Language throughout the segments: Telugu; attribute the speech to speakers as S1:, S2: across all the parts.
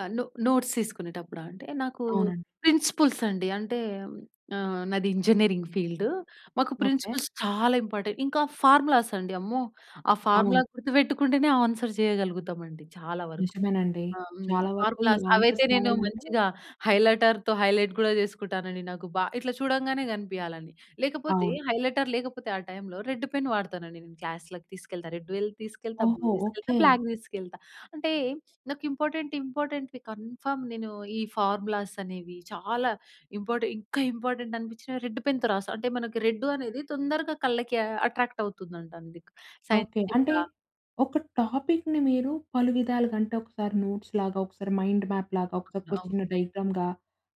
S1: ఆ! నో నోట్స్ తీసుకునేటప్పుడా? అంటే, నాకూ
S2: అవునండి.
S1: ప్రిన్సిపుల్సండి. అంటే, ఆహ్, నాది ఇంజినీరింగ్ ఫీల్డు. మాకు
S2: ఓకే.
S1: ప్రిన్సిపుల్స్ చాలా ఇంపాటె ఇంకా ఫార్ములాసండి, అమ్మో! ఆ
S2: అవును.
S1: ఫార్ములా గుర్తువెట్టుకుంటేనే ఆన్సర్ జెయగలుగుతామండి చాలా వరుకు.
S2: నిజమేనండి.
S1: ఆహ్! హ్మ్.
S2: చాలా వరకు ఈ
S1: ఫార్ములాస్. అవైతే
S2: ఆన్సర్స్
S1: నేను
S2: రాయాలంటే
S1: మంచిగా హైలైటర్‌తో హైలైట్ గూడా చేసుకుంటానండి. నాకు బా ఇట్లా చూడంగానే గనిపియాల‌ని, లేకపోతే
S2: అవును
S1: హైలైటర్ లేకపోతే ఆ టైంలో రెడ్డు పెన్ వాడతానండి నేను క్లాస్‌లకి తీసుకెళ్తా. రెడ్ వెల్ తీసుకెళ్తా, బ్లూ
S2: ఓహో!
S1: దీసుకెళ్తా,
S2: ఓకే.
S1: బ్లాక్ దీసుకెళ్తా. అంటే, నాకు ఇంపార్టెంట్ ఇంపార్టెంట్‌‌వి కన్ఫర్మ్ నేను ఈ ఫార్ములాసనేవి, చాలా ఇంపాటె ఇంకా ఇంపార్టెంటనిపిచ్చినవి రెడ్డు పెన్‌తో రాస్తా. అంటే, మనకి రెడ్డూ అనేది తొందరగా కళ్ళకీ అట్రాక్టవుతుందం‌టండీ
S2: ఓకే. అంటే,
S1: సైంటిఫిక్‌గా.
S2: ఒక టాపిక్‌ని మీరు పలు విధాలుగా అంటే, ఒకసారి నోట్స్‌లాగా, ఒకసారి మైండు మ్యాప్‌లాగా, ఒకసారొక చిన్న
S1: అవును.
S2: డయాగ్రమ్‌గా,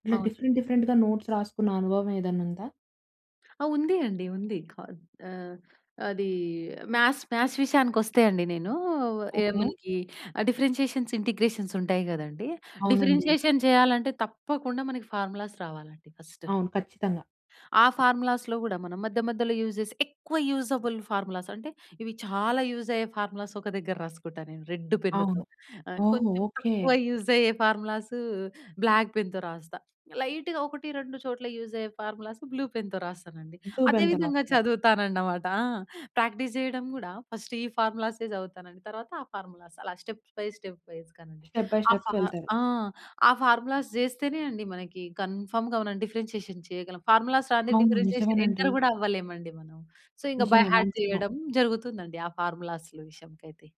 S2: ఇలా డిఫరెంట్
S1: అవునండి.
S2: డిఫరెంట్‌గా నోట్స్ రాసుకున్న అనుభవవేదన్నుందా?
S1: ఆ! ఉంది అండి. ఉంది. కా ఆహ్, అదీ మ్యాథ్స్, మ్యాథ్స్ విషయానికొస్తే అండీ నేనూ,
S2: ఓకే.
S1: ఏముందీ ఆ! డిఫరెన్షియేషన్స్, ఇంటిగ్రేషన్స్ ఉంటాయి గదండీ.
S2: అవునండీ.
S1: డిఫరెన్షియేషన్ జెయ్యాలంటే తప్పకుండా మనకి ఫార్ములాస్ రావాలండి ఫస్ట్.
S2: అవును. ఖచ్చితంగా.
S1: ఆ ఫార్ములాస్‌లో గూడా మనం మధ్య మధ్యలో యూజ్ జేసి, ఎక్కువ యూజబుల్ ఫార్ములాస్, అంటే, ఇవి చాలా యూజయ్యే ఫార్ములాస్ ఒక దగ్గర రాసుకుంటా నేను రెడ్డు పెన్నుతో.
S2: అవును.
S1: ఆహ్,
S2: ఓహో!
S1: కొంచుం
S2: ఓకే.
S1: తక్కువ యూజయ్యే ఫార్ములాసూ బ్లాక్ పెన్‌తో రాస్తా. లైటుగా ఒకటి, రెండు చోట్ల యూజయ్యే ఫార్ములాసు బ్లూ పెన్‌తో రాస్తానండి.
S2: బ్లూ
S1: అదే
S2: పెన్‌తో
S1: విధంగా
S2: రాస్తారు.
S1: చదువుతానన్నమాట. ఆ! ప్రాక్టీస్ జెయడం గూడా, ఫస్ట్ ఈ ఫార్ములా‌సే జదువుతానండి, తర్వాత ఆ ఫార్ములాస్. అలా స్టెప్ బై స్టెప్ వైస్‌గా‌నండి.
S2: స్టెప్ బై
S1: ఆ
S2: స్టెప్‌కి
S1: ఫా
S2: వెళ్తారు.
S1: ఆ! ఆ ఫార్ములాస్ జేస్తేనే అండి మనకీ కన్ఫర్మ్‌గా మనం డిఫరెన్షియేషన్ చెయగలం. ఫార్ములాస్ రాందే
S2: అవును.
S1: డిఫరెన్షియేషన్
S2: నిజమేనండి.
S1: ఎంటర్ గూడా అవ్వలేమండి మనం. సో, ఇంక బై
S2: నిజమే.
S1: హార్ట్
S2: వాస్తవం.
S1: జెయ్యడం జరుగుతుందండి ఆ ఫార్ములాస్లు విషయంకయితే.